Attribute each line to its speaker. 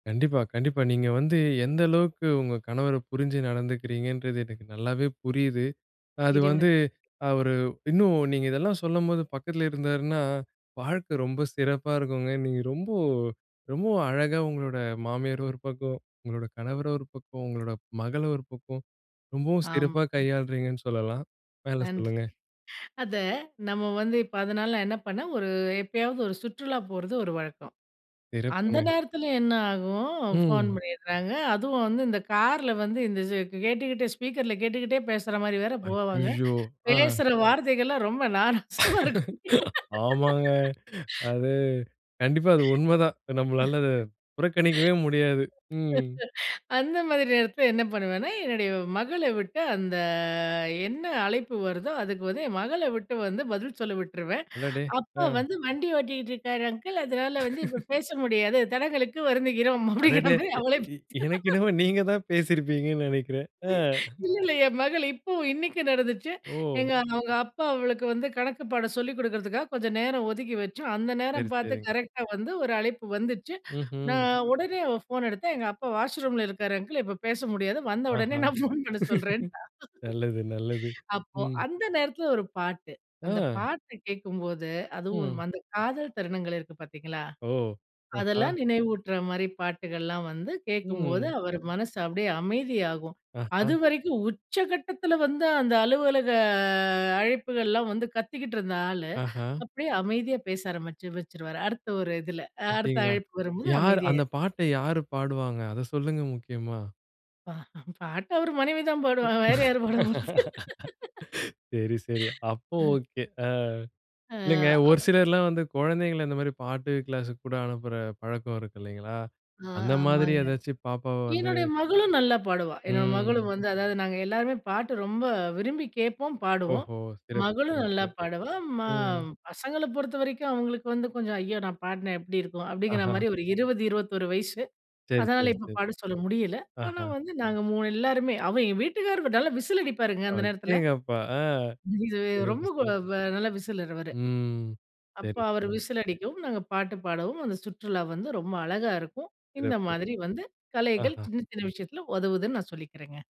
Speaker 1: கண்டிப்பா, கண்டிப்பா. நீங்க வந்து எந்த அளவுக்கு உங்க கணவர புரிஞ்சு நடந்துக்கிறீங்கன்றது எனக்கு நல்லாவே புரியுது. அது வந்து,
Speaker 2: இறைவனுக்கு
Speaker 1: அவரு இன்னும் நீங்க இதெல்லாம் சொல்லும்போது பக்கத்துல இருந்தாருன்னா, வாழ்க்க ரொம்ப சிறப்பா இருக்குங்க. நீங்க ரொம்ப ரொம்பவும் அழகா உங்களோட மாமியார் ஒரு பக்கம், உங்களோட கணவர ஒரு பக்கம், உங்களோட மகள் ஒரு பக்கம் ரொம்பவும் சிறப்பா
Speaker 2: ஆமாங்
Speaker 1: கையாள்றீங்கன்னு சொல்லலாம். மேல
Speaker 2: நன்றிங்க.
Speaker 1: சொல்லுங்க.
Speaker 2: அத நம்ம வந்து, இப்ப அதனால நான் என்ன பண்ணேன் ஒரு எப்பயாவது ஒரு சுற்றுலா போறது ஒரு வழக்கம். அந்த
Speaker 1: சிறப்புங்க.
Speaker 2: நேரத்துல என்ன ஆகும் ஃபோன்
Speaker 1: ம்.
Speaker 2: பண்ணிறாங்க. அதுவும் வந்து இந்த கார்ல வந்து இந்த இது கேட்டுக்கிட்டே ஸ்பீக்கர்ல கேட்டுக்கிட்டே பேசற மாரி வேற போவாங்க,
Speaker 1: அய்யயோ! ஆ.
Speaker 2: பேசுற வார்த்தைகள்லாம் ரொம்ப நாராசமா இருக்கும்.
Speaker 1: ஆமாங்க. அது கண்டிப்பா அது உண்மதான். நம்ளால அத புறக்கணிக்கவே முடியாது. ம்.
Speaker 2: அந்த மாரி நேரத்துல என்ன பண்ணுவேன்னா, என்னுடைய மகள விட்டு அந்த என்ன அழைப்பு வருதோ, அதுக்கு வந்து என் மகள விட்டு வந்து பதில் சொல்ல விட்டுருவேன்.
Speaker 1: அடடே!
Speaker 2: அப்பா
Speaker 1: ஆ.
Speaker 2: வந்து வண்டி ஓட்டிகிட்டு இருக்காரு அங்கிள். அதனால வந்து இப்போ பேச முடியாது. தடங்களுக்கு வருந்துகிறோம். அப்டிங்கற
Speaker 1: அடடே!
Speaker 2: மாரி அவளே
Speaker 1: எ எனக்கு
Speaker 2: பேசி
Speaker 1: என்னமோ நீங்க தான் பேசிருப்பீங்கன்னு நினைக்கிறேன். ஆ.
Speaker 2: இல்ல, இல்ல என் மகள் இப்போ இன்னைக்கு நடந்துச்சு. எங்க
Speaker 1: ஓ!
Speaker 2: அவங்க அப்பா அவளுக்கு வந்து கணக்குப்பாடம் சொல்லிக் கொடுக்குறதுக்காக கொஞ்சம் நேரம் ஒதுக்கி வச்சு, அந்த
Speaker 1: சரி,
Speaker 2: நேரம் பாத்து
Speaker 1: சரிங்க.
Speaker 2: கரெக்டா வந்து ஒரு அழைப்பு வந்துச்சு.
Speaker 1: ம்ஹ்ம்.
Speaker 2: நான் உடனே அவ ஃபோன எடுத்தா எங்க அப்பா வாஷ் ரூம்ல இருக்காரு அங்கிள் இப்ப பேச முடியாது வந்த
Speaker 1: ஆஹ.
Speaker 2: உடனே நான் ஃபோன் பண்ண சொல்றேன்ட்டா
Speaker 1: நல்லது நல்லது.
Speaker 2: அப்போ
Speaker 1: ம்.
Speaker 2: அந்த நேரத்துல ஒரு பாட்டு. அந்த
Speaker 1: ஆ.
Speaker 2: பாட்டு கேக்கும்போது அதுவும்
Speaker 1: ம்.
Speaker 2: அந்த காதல் தருணங்கள் இருக்கு பாத்தீங்களா?
Speaker 1: ஓ! ஆஹா!
Speaker 2: அதெல்லாம் நினைவூட்டுற மாரி பாட்டுகள்லாம் வந்து கேட்கும்போது
Speaker 1: ம்.
Speaker 2: அவர் மனசு அப்டியே அமைதியாகும்.
Speaker 1: ஆஹ.
Speaker 2: அதுவரைக்கும் உச்சகட்டத்துல வந்து அந்த அலுவலக அழைப்புகள்லாம் வந்து, கத்திக்கிட்டு இருந்த ஆளு
Speaker 1: ஆஹ.
Speaker 2: அப்டியே அமைதியா பேச ஆரம்பிச்சு, வச்சுருவாரு அடுத்த ஒரு இதுல அடுத்த
Speaker 1: அப்டிங்களா?
Speaker 2: அழைப்பு வரும்போது
Speaker 1: யார்
Speaker 2: அமைதியாயி
Speaker 1: அந்த பாட்ட யார் பாடுவாங்க அத சொல்லுங்க முக்கியமா?
Speaker 2: பாட்டு அவர் மனைவி தான் பாடுவாங்க. வேற யாரு பாட போறது?
Speaker 1: சரி, சரி. அப்போ
Speaker 2: ம்.
Speaker 1: ஓகே. ஆ.
Speaker 2: ஆ,
Speaker 1: இல்லைங்க. ஒரு
Speaker 2: அப்
Speaker 1: சிலர்லாம் வந்து குழந்தைங்கள இந்த மாரி பாட்டு க்ளாஸுக்கு கூட அனுப்புற பழக்கம் இருக்கு இல்லைங்களா?
Speaker 2: ஆ,
Speaker 1: அந்த மாதிரி
Speaker 2: ஆமாங்க.
Speaker 1: ஏதாச்சும் பாப்பாவ வந்து
Speaker 2: என்னுடைய மகளும் நல்லா பாடுவா என்னோட மகளும்
Speaker 1: ம்.
Speaker 2: வந்து அதாவது நாங்க எல்லாருமே பாட்டு ரொம்ப விரும்பி கேட்போம். பாடுவோம்
Speaker 1: ஓஹோ! சிறப்பு!
Speaker 2: மகளும் நல்லா
Speaker 1: சிறப்பு!
Speaker 2: பாடுவா. மா
Speaker 1: ம்.
Speaker 2: பசங்கள பொறுத்தவரைக்கும் அவங்களுக்கு வந்து கொஞ்சம் "ஐயோ! நான் பாடுனா எப்டி இருக்கும்?" அப்படிங்கற
Speaker 1: ஆஹ.
Speaker 2: மாரி, ஒரு 20, 21 வயசு.
Speaker 1: சரி,
Speaker 2: அதனால
Speaker 1: சரி,
Speaker 2: இப்ப
Speaker 1: சரி.
Speaker 2: பாடச் சொல்ல முடியல. ஆனா,
Speaker 1: ஆஹ.
Speaker 2: வந்து நாங்க 3 எல்லாருமே அவ எங்க வீட்டுக்காரர் நல்லா விசில் அடிப்பாருங்க அந்த நேரத்துல.
Speaker 1: அடேங்கப்பா! ஆ.
Speaker 2: இதுவே
Speaker 1: சிறப்பு!
Speaker 2: ரொம்ப
Speaker 1: சிறப்பு!
Speaker 2: கொலவ [unintelligible] வ நல்ல விசிலர் அவரு.
Speaker 1: ம்.
Speaker 2: அப்ப
Speaker 1: சரி,
Speaker 2: அவரு
Speaker 1: சரி.
Speaker 2: விசில் அடிக்கவும், நாங்க பாட்டு பாடவும் அந்த சுற்றுலா வந்து ரொம்ப அழகா இருக்கும். இந்த
Speaker 1: சிறப்பு.
Speaker 2: மாதிரி வந்து கலைகள்
Speaker 1: ஆஹ.
Speaker 2: சின்ன சின்ன விஷயத்துல உதவுதுன்னு நான் சொல்லிக்கிறேங்க.